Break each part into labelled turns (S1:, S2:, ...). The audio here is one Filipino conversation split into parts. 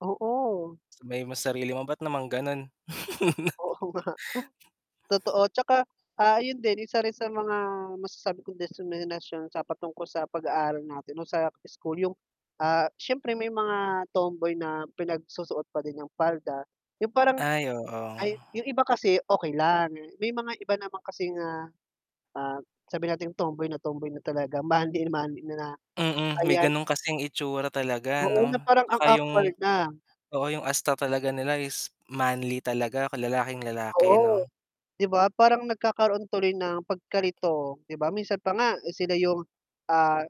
S1: Oo.
S2: Sabihin mo sa sarili mo ba't naman ganun?
S1: Oo nga. Totoo, 'tsaka, ah, ayun din isa rin sa mga masasabi kong diskriminasyon sa patungkol sa pag-aaral natin o sa school 'yung, ah, siyempre may mga tomboy na pinagsusuot pa din ng palda. 'Yung parang
S2: Ay, oo.
S1: ay, 'yung iba kasi okey lang, may mga iba naman kasi nga, ah ah, sabihin nating tomboy na tomboy na talaga, manly na manly na na,
S2: Mm, may
S1: ayan
S2: ganun kasing itsura talaga
S1: Oo, na
S2: ano
S1: parang ang
S2: 'tsaka 'yung
S1: awkward na.
S2: oo, 'yung asta talaga nila is manly talaga, kalalaking-lalake
S1: Oo,
S2: 'no?
S1: 'di ba, parang nagkakaroon tuloy ng pagkalito, 'di ba minsan pa nga sila 'yung, ah,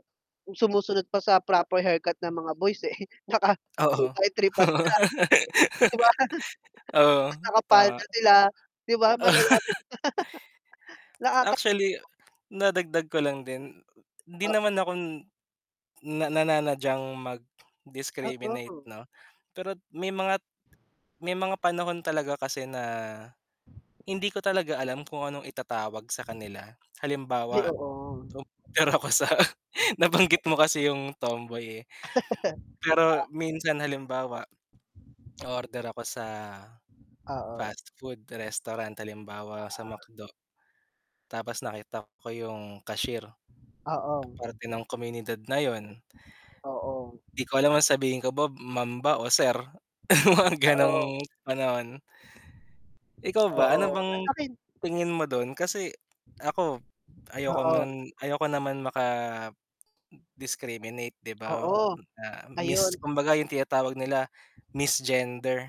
S1: sumusunod pa sa proper haircut ng mga boys, eh, naka two
S2: Oo.
S1: by three pa sila. 'Di ba?
S2: Oo,
S1: Ta's
S2: tama.
S1: nakapalda sila, 'di ba, malala na ata
S2: Actually,
S1: [unintelligible]
S2: na dagdag ko lang din, 'di
S1: Ah
S2: naman ako na nananadyang mag-discriminate
S1: Oo.
S2: 'no, pero't may mga may mga panahon talaga kasi na, hindi ko talaga alam kung anong itatawag sa kanila.
S1: Ay,
S2: Halimbawa,
S1: oo.
S2: to pero ako sa
S1: [unintelligible]
S2: nabanggit mo kasi 'yung tomboy, eh.
S1: [unintelligible]
S2: Pero
S1: pa.
S2: minsan halimbawa, o-order ako sa
S1: Oo.
S2: fast food restaurant, halimbawa sa
S1: Oo.
S2: McDo, tapos nakita ko 'yung cashier,
S1: Oo.
S2: parte ng komunidad na 'yun.
S1: Oo.
S2: 'Di ko alam ang sabihin ko ba, ma'am ba o sir. Mga
S1: Oo.
S2: gano'ng panahon. Ikaw ba, ano
S1: Oo.
S2: bang
S1: Eh, sa'kin
S2: tingin mo dun? Kasi ako, ayoko
S1: Oo.
S2: nun ayoko naman maka-discriminate 'di ba,
S1: Oo,
S2: na mis
S1: ayun.
S2: kumbaga 'yung tinatawag nila, "misgender."